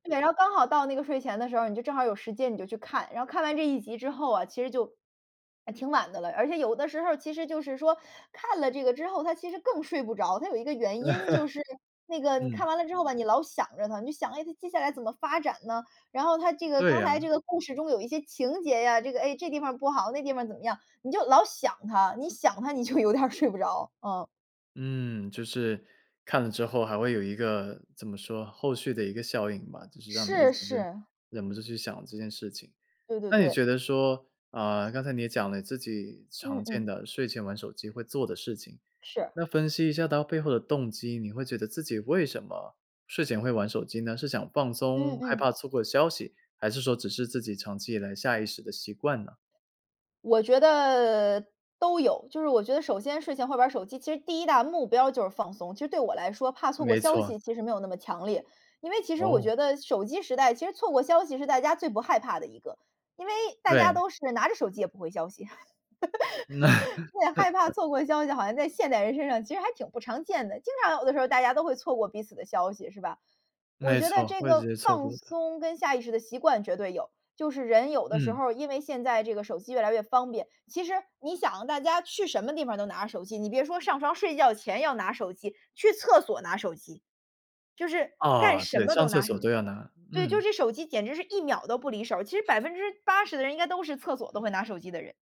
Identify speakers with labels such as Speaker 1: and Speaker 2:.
Speaker 1: 对，然后刚好到那个睡前的时候，你就正好有时间你就去看，然后看完这一集之后啊，其实就还挺晚的了。而且有的时候其实就是说，看了这个之后它其实更睡不着，它有一个原因就是 那个你看
Speaker 2: 嗯。
Speaker 1: 完了之后吧你老想着它，你想它接下来怎么发展呢？然后它这个
Speaker 2: 对
Speaker 1: 刚
Speaker 2: 啊。
Speaker 1: 才这个故事中有一些情节啊，这个哎，这地方不好那地方怎么样，你就老想它，你想它你就有点睡不着。嗯。
Speaker 2: 嗯，就是看了之后还会有一个怎么说后续的一个效应吧。就是让你一
Speaker 1: 是
Speaker 2: 直
Speaker 1: 是。
Speaker 2: 忍不住去想这件事情，
Speaker 1: 对对
Speaker 2: 那你
Speaker 1: 对。
Speaker 2: 觉得说呃，刚才你也讲了自己常
Speaker 1: 嗯
Speaker 2: 见
Speaker 1: 嗯。
Speaker 2: 的睡前玩手机会做的事情，
Speaker 1: 是。
Speaker 2: 那分析一下它背后的动机，你会觉得自己为什么睡前会玩手机呢？是想放
Speaker 1: 嗯
Speaker 2: 松，害
Speaker 1: 嗯。
Speaker 2: 怕错过消息，还是说只是自己长期以来下意识的习惯呢？
Speaker 1: 我觉得都有。就是我觉得首先睡前玩会手机，其实第1大目标就是放松，其实对我来说怕错过
Speaker 2: 没
Speaker 1: 消
Speaker 2: 错。
Speaker 1: 息其实没有那么强烈。因为其实我
Speaker 2: 哦。
Speaker 1: 觉得手机时代，其实错过消息是大家最不害怕的一个，因为大家
Speaker 2: 对。
Speaker 1: 都是拿着手机也不回消息。对，害怕 错过消息好像在现代人身上其实还挺不常见的，经常有的时候大家都会错过彼此的消息，是吧。我
Speaker 2: 没
Speaker 1: 觉得
Speaker 2: 错，
Speaker 1: 这
Speaker 2: 会直
Speaker 1: 个
Speaker 2: 接错
Speaker 1: 放
Speaker 2: 过的。
Speaker 1: 松跟下意识的习惯绝对有，就是人有的时
Speaker 2: 嗯。
Speaker 1: 候因为现在这个手机越来越方便，其实你想大家去什么地方都拿着手机，你别说上床睡觉前要拿手机，去厕所拿手机。就是干
Speaker 2: 啊，
Speaker 1: 什
Speaker 2: 对，
Speaker 1: 么
Speaker 2: 上
Speaker 1: 都
Speaker 2: 厕
Speaker 1: 拿
Speaker 2: 所
Speaker 1: 手机。
Speaker 2: 都要拿，
Speaker 1: 对，就
Speaker 2: 嗯。
Speaker 1: 是手机简直是1秒都不离手，其实80%的人应该都是厕所都会拿手机的人。